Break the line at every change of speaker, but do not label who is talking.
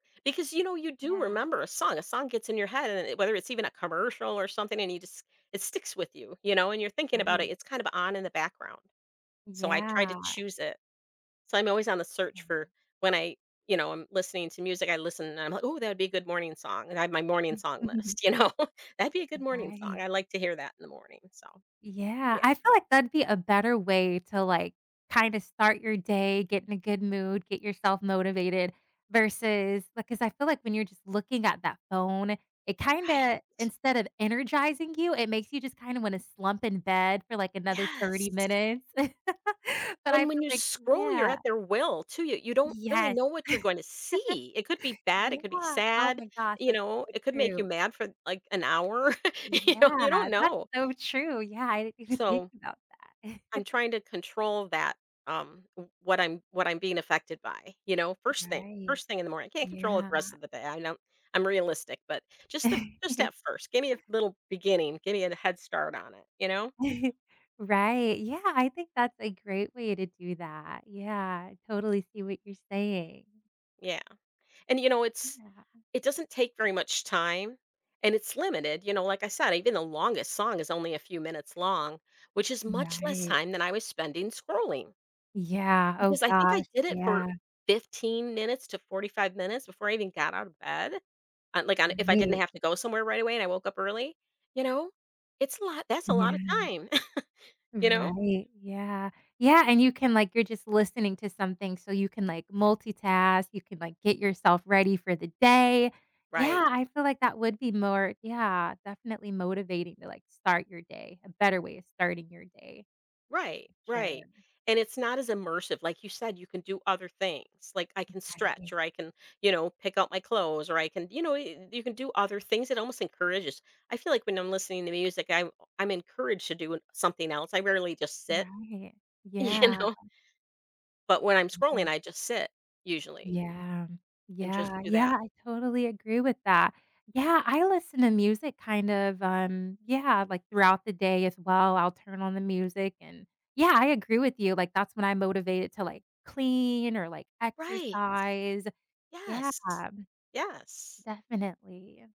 Because you know, you do
Yeah.
remember a song a song gets in your head, and it whether it's even a commercial or something, and you just it sticks with you you know, and you're thinking about it
I
it's kinda on in the background, so, I try
Yeah.
to choose it. So, I'm always on the search
Okay.
for when I you know, I'm listening to music, I listen and I'm, like, "Oh, that'd be a good morning song," and I have my morning song list, you know, that'd be a good morning song.
Right.
I like to hear that in the morning, so,
Yeah,
yeah.
I feel like that'd be a better way to, like, kinda start your day, get in a good mood, get yourself motivated, versus, like 'cause I feel like when you're just looking at that phone, it kinda
Right.
instead of energizing you, it makes you just kinda wanna slump in bed for, like, another 30
Yes.
minutes, but I
And when
feel
you
like,
scroll, you're
yeah.
at their will to you you don't really
Yes,
know what you're going to see. It could be bad, it could be
yeah, oh,
sad,
my gosh,
you
that's
know,
so
it could make you
true.
mad for, like, an hour, you know, you
Yeah,
don't
that's
know.
so true, yeah, I didn't even think
So
about that.
I'm trying to control that, um, what I'm what I'm being affected by, you know, first thing
Right,
first thing in the morning. I can't control it
yeah.
the rest of the day, I don't I'm realistic, but just the just at first, give me a little beginning, give me a head start on it, you know.
Right, yeah, I think that's a great way to do that. Yeah, I totally see what you're saying.
Yeah, and you know, it's
Yeah.
it doesn't take very much time, and it's limited, you know, like, I said, even the longest song is only a few minutes long, which is much less
Right.
time than I was spending scrolling.
Yeah, oh,
Because I think I
gosh,
did it for
yeah.
15 minutes to 45 minutes before I even got out of bed, uh, like, if I didn't have to go somewhere right away, and I woke up early, you know, it's a lot that's a lot of
Yeah.
time, you know.
Right, yeah yeah, and you can like, you're just listening to something, so, you can, like, multitask, you can, like, get yourself ready for the day.
Right.
Yeah, I feel like that would be more, yeah, definitely motivating to, like, start your day, a better way of starting your day.
Right right,
Sure.
and it's not as immersive. Like you said, you can do other things, like, I can
Okay.
stretch, or I can you know, pick out my clothes, or I can you know, you you can do other things. It almost encourages I feel like when I'm listening to music, I'm I'm encouraged to do, uh, something else, I rarely just sit,
Right,
you
yeah.
know. But when I'm scrolling,
Right.
I just sit, usually.
Yeah
And just
yeah
do
yeah,
that.
I totally agree with that, yeah, I listen to music kinda, um, yeah, like, throughout the day as well, I'll turn on the music, and yeah, I agree with you like, that's when I'm motivated to, like, clean or like
Right,
exercise, yeah.
yes yes.
Definitely.